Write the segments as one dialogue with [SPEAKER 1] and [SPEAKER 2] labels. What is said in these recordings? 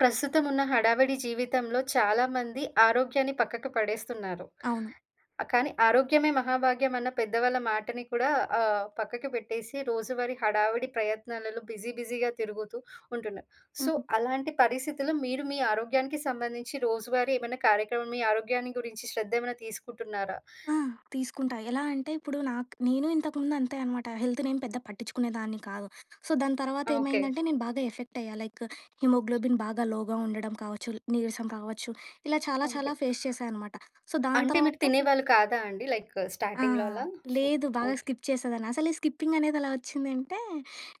[SPEAKER 1] ప్రస్తుతం ఉన్న హడావిడి జీవితంలో చాలా మంది ఆరోగ్యాన్ని పక్కకు పడేస్తున్నారు.
[SPEAKER 2] అవును.
[SPEAKER 1] కానీ ఆరోగ్యమే మహాభాగ్యం అన్న పెద్దవాళ్ళ మాటని కూడా ఆహ్, పక్కకు పెట్టేసి. రోజువారీ హడావిడి ప్రయత్నాలలో బిజీ బిజీ‌గా తిరుగుతూ ఉంటున్నారు. సో,
[SPEAKER 2] హ్మ్.
[SPEAKER 1] అలాంటి పరిస్థితుల్లో మీరు మీ ఆరోగ్యానికి సంబంధించి రోజువారీ ఏమైనా కార్యక్రమం, మీ ఆరోగ్యాన్ని గురించి శ్రద్ధ ఏమైనా తీసుకుంటున్నారా?
[SPEAKER 2] ఆ! తీసుకుంటా. ఎలా అంటే ఇప్పుడు నాకు నేను ఇంతకు ముందు అంతే అనమాట. హెల్త్ నేను పెద్దగా పట్టించుకునేదాన్ని కాదు. సో, దాని తర్వాత
[SPEAKER 1] ఓకే.
[SPEAKER 2] ఏమైందంటే, నేను బాగా ఎఫెక్ట్ అయ్యా. లైక్ హిమోగ్లోబిన్ బాగా లోగా ఉండడం కావచ్చు, నీరసం కావచ్చు, ఇలా చాలా,
[SPEAKER 1] ఓకే.
[SPEAKER 2] చాలా ఫేస్ చేసా అనమాట. సో, దాని
[SPEAKER 1] అంటే మీరు
[SPEAKER 2] తర్వాత హ్మ్.
[SPEAKER 1] తినేవాళ్ళు కాదా అండి. లైక్
[SPEAKER 2] ఆ!
[SPEAKER 1] స్టార్టింగ్‌లో అలా ఫు
[SPEAKER 2] లేదు. బాగా
[SPEAKER 1] ఓకే.
[SPEAKER 2] స్కిప్ చేసేదాన్ని. అసలు ఈ స్కిప్పింగ్ అనేది ఎలా వచ్చిందంటే,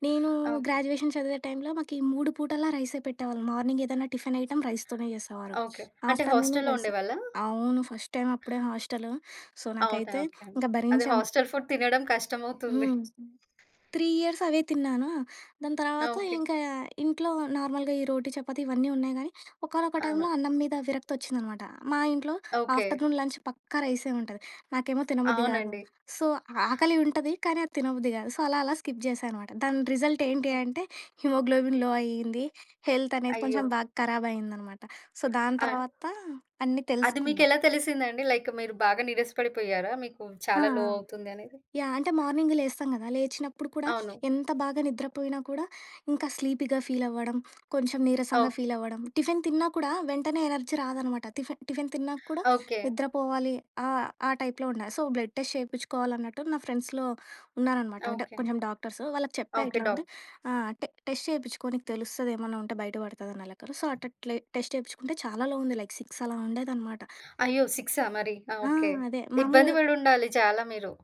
[SPEAKER 2] నేను
[SPEAKER 1] ఓకే.
[SPEAKER 2] గ్రాడ్యుయేషన్ చదివే టై‌మ్‌లో మాకు ఈ 3 పూటలా రైసే పెట్టేవాళ్ళు. మార్నింగ్ ఏదన్నా టిఫిన్ ఐటెమ్ రైస్‌తోనే చేసేవారు.
[SPEAKER 1] ఓకే. అంటే
[SPEAKER 2] ఆఫ్టర్‌నూను
[SPEAKER 1] హాస్టల్‌లో
[SPEAKER 2] రైస్.
[SPEAKER 1] ఉండేవాళ్ళా?
[SPEAKER 2] అవును. ఫస్ట్ టైమ్ అప్పుడే హాస్టలు. సో,
[SPEAKER 1] అవునా.
[SPEAKER 2] నాకైతే
[SPEAKER 1] ఓకే అండి.
[SPEAKER 2] ఇంకా
[SPEAKER 1] అదే
[SPEAKER 2] భరించాం.
[SPEAKER 1] హాస్టల్ ఫుడ్ తినడం కష్టమవుతుంది.
[SPEAKER 2] హ్మ్. 3 ఇయర్స్ అవే తిన్నానా. దాని తర్వాత
[SPEAKER 1] ఓకే.
[SPEAKER 2] ఇంకా ఇంట్లో నార్మల్‌గా ఈ రోటీ, చపాతీ ఇవన్నీ ఉన్నాయి కానీ ఒకానొక
[SPEAKER 1] అవును.
[SPEAKER 2] టైమ్‌లో అన్నం మీద విరక్తి వచ్చిందనమాట. మా ఇంట్లో
[SPEAKER 1] ఓకే.
[SPEAKER 2] ఆఫ్టర్‌నూన్ లంచ్ పక్కా రైసే ఉంటది. నాకేమో తినబుద్ధి కాదు.
[SPEAKER 1] అవునండి.
[SPEAKER 2] సో, ఆకలి ఉంటది కానీ, అది తినబుద్ధి కాదు. సో, అలా అలా స్కిప్ చేసాననమాట. దాని రిజల్ట్ ఏంటి
[SPEAKER 1] ఓ
[SPEAKER 2] అంటే, హిమోగ్లోబిన్‌లో అయింది. హెల్త్ అనేది
[SPEAKER 1] అయ్యో!
[SPEAKER 2] కొంచెం బాగా ఖరాబ్ అయిందనమాట. సో, దాని
[SPEAKER 1] ఆ!
[SPEAKER 2] తర్వాత అన్నీ
[SPEAKER 1] అది మీకు
[SPEAKER 2] తెలుసుకున్నా.
[SPEAKER 1] ఎలా తెలిసిందండి? లైక్ మీరు బాగా నీరస పడిపోయారా? మీకు
[SPEAKER 2] ఆ!
[SPEAKER 1] చాలా
[SPEAKER 2] ఆ!
[SPEAKER 1] లో అవుతుంది అనేది.
[SPEAKER 2] యాహ్. అంటే మార్నింగ్ లేస్తాం కదా! లేచినప్పుడు కూడా,
[SPEAKER 1] అవును.
[SPEAKER 2] ఎంత బాగా నిద్ర పోయినా కూడా, ఇంకా స్లీపీగా ఫీల్ అవ్వడం, కొంచెం నీరసంగా
[SPEAKER 1] ఓకే.
[SPEAKER 2] ఫీల్ అవ్వడం, టిఫిన్ తిన్నా కూడా వెంటనే ఎనర్జీ రాదనమాట. టిఫెన్ టిఫిన్ తిన్నాక కూడా
[SPEAKER 1] ఓకే.
[SPEAKER 2] నిద్ర పోవాలి ఆహ్, ఆ టైప్‌లో ఉండేది. సో, బ్లడ్ టెస్ట్ చేపించుకోవాలన్నట్టు, నా ఫ్రెండ్స్‌లో ఉన్నారనమాట అంటే
[SPEAKER 1] ఓకే.
[SPEAKER 2] కొంచెం డాక్టర్స్. వాళ్ళకి చెప్పా
[SPEAKER 1] ఓకే.
[SPEAKER 2] ఇట్లా
[SPEAKER 1] డాక్
[SPEAKER 2] ఉంటే ఆహ్, టె టెస్ట్ చేపించుకో నీకు తెలుస్తది. ఏమన్నా ఉంటే బయట పడుతది అన్నా లెక్కలో. సో, అట్ అట్లే టెస్ట్ చేపించుకుంటే చాలా లో ఉంది లైక్ 6 అలా ఉండేదనమాట.
[SPEAKER 1] అయ్యో! సిక్సా మరి. ఆ!
[SPEAKER 2] ఆ!
[SPEAKER 1] ఓకే.
[SPEAKER 2] అదే
[SPEAKER 1] ఇబ్బంది
[SPEAKER 2] మాములుగా
[SPEAKER 1] పడి ఉండాలి చాలా మీరు.